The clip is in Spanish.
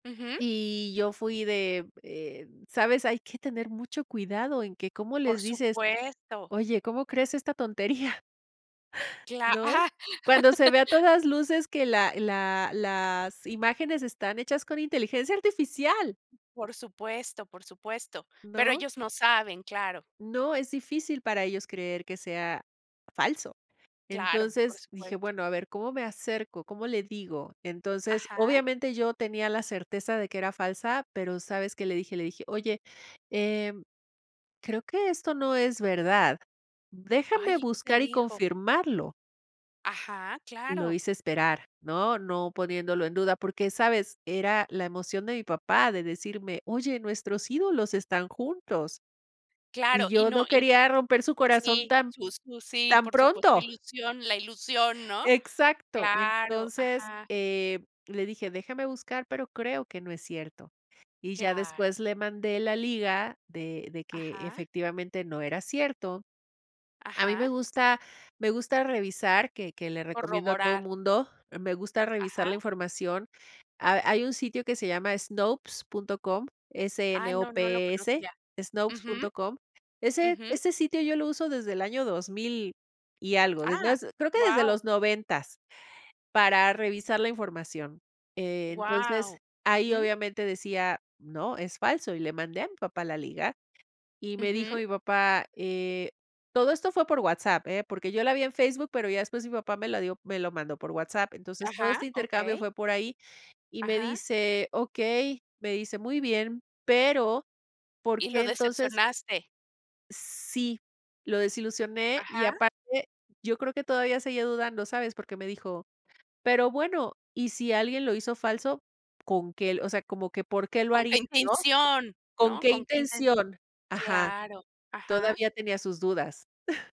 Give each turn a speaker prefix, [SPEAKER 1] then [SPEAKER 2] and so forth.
[SPEAKER 1] Ujú.
[SPEAKER 2] Y yo fui de, eh, ¿sabes? Hay que tener mucho cuidado en que cómo
[SPEAKER 1] Por
[SPEAKER 2] les dices:
[SPEAKER 1] supuesto.
[SPEAKER 2] "Oye, ¿cómo crees esta tontería?"
[SPEAKER 1] Cla
[SPEAKER 2] ¿No?
[SPEAKER 1] ¡Ah!
[SPEAKER 2] Cuando se ve a todas luces que la la las imágenes están hechas con, ¡inteligencia artificial!
[SPEAKER 1] Por supuesto, por supuesto. Pero
[SPEAKER 2] ¿No?
[SPEAKER 1] ellos no saben, claro.
[SPEAKER 2] No, es difícil para ellos creer que sea falso.
[SPEAKER 1] Claro, por
[SPEAKER 2] Entonces dije:
[SPEAKER 1] supuesto.
[SPEAKER 2] "Bueno, a ver, ¿cómo me acerco? ¿Cómo le digo?". Entonces,
[SPEAKER 1] Ajá.
[SPEAKER 2] obviamente, yo tenía la certeza de que era falsa pero, ¿sabes qué? Le dije le dije: "Oye, em, creo que esto no es verdad,
[SPEAKER 1] Ay,
[SPEAKER 2] déjame
[SPEAKER 1] ¿y qué te
[SPEAKER 2] buscar y
[SPEAKER 1] dijo?
[SPEAKER 2] confirmarlo".
[SPEAKER 1] Ajá,
[SPEAKER 2] Lo
[SPEAKER 1] claro.
[SPEAKER 2] hice esperar, ¿no? No, poniéndolo en duda porque, ¿sabes? Era la emoción de mi papá de decirme: "Oye, nuestros ídolos están juntos". Y
[SPEAKER 1] Claro, y
[SPEAKER 2] yo
[SPEAKER 1] no
[SPEAKER 2] no
[SPEAKER 1] y
[SPEAKER 2] quería romper su corazón
[SPEAKER 1] sí,
[SPEAKER 2] tan
[SPEAKER 1] sus sus sí,
[SPEAKER 2] tan
[SPEAKER 1] por supuesto, su
[SPEAKER 2] pronto.
[SPEAKER 1] ilusión la ilusión, ¿no?
[SPEAKER 2] Exacto.
[SPEAKER 1] Claro,
[SPEAKER 2] Entonces,
[SPEAKER 1] ajá.
[SPEAKER 2] eh, le dije: "Déjame buscar, pero creo que no es cierto". Y ya
[SPEAKER 1] Claro.
[SPEAKER 2] después le mandé la liga de de que,
[SPEAKER 1] Ajá.
[SPEAKER 2] efectivamente, no era cierto. A mí
[SPEAKER 1] Ajá.
[SPEAKER 2] me gusta me gusta revisar, que que le recomiendo a todo
[SPEAKER 1] Corroborar.
[SPEAKER 2] mundo, me gusta revisar
[SPEAKER 1] Ajá.
[SPEAKER 2] la información. Hay hay un sitio que se llama Snopes punto com,
[SPEAKER 1] Ay, no, no lo
[SPEAKER 2] S-N-O-P-E-S,
[SPEAKER 1] conocía.
[SPEAKER 2] Snopes
[SPEAKER 1] Ujú.
[SPEAKER 2] punto com. Ese
[SPEAKER 1] Ujú.
[SPEAKER 2] ese sitio yo lo uso desde el año 2000 y algo, desde ha
[SPEAKER 1] ¡Ah!
[SPEAKER 2] creo que desde
[SPEAKER 1] Guau.
[SPEAKER 2] los 90, para revisar la información. Eh, entonces,
[SPEAKER 1] Guau.
[SPEAKER 2] ahí
[SPEAKER 1] Ujú.
[SPEAKER 2] obviamente decía: "No, es falso", y le mandé a mi papá la liga, y me dijo
[SPEAKER 1] Ujú.
[SPEAKER 2] mi papá, eh todo esto fue por WhatsApp, ¿eh? Porque yo la vi en Facebook, pero ya después mi papá me la dio me lo mandó por WhatsApp. Entonces, todo
[SPEAKER 1] Ajá,
[SPEAKER 2] este intercambio
[SPEAKER 1] okey.
[SPEAKER 2] fue por ahí y me
[SPEAKER 1] Ajá.
[SPEAKER 2] dice: "Okey". Me dice: "Muy bien, pero ¿por
[SPEAKER 1] Y lo
[SPEAKER 2] qué entonces?".
[SPEAKER 1] decepcionaste.
[SPEAKER 2] Sí, lo desilusioné y
[SPEAKER 1] Ajá.
[SPEAKER 2] aparte yo creo que todavía seguía dudando, ¿sabes? Porque me dijo: "Pero bueno, y si alguien lo hizo falso, ¿con qué?". O sea, como que, por qué lo
[SPEAKER 1] ¿Con
[SPEAKER 2] haría,
[SPEAKER 1] qué
[SPEAKER 2] ¿no?
[SPEAKER 1] intención,
[SPEAKER 2] ¿Con
[SPEAKER 1] no?
[SPEAKER 2] qué
[SPEAKER 1] ¿Con qué inten?
[SPEAKER 2] intención? Ajá.
[SPEAKER 1] Claro, ajá.
[SPEAKER 2] Todavía tenía sus dudas.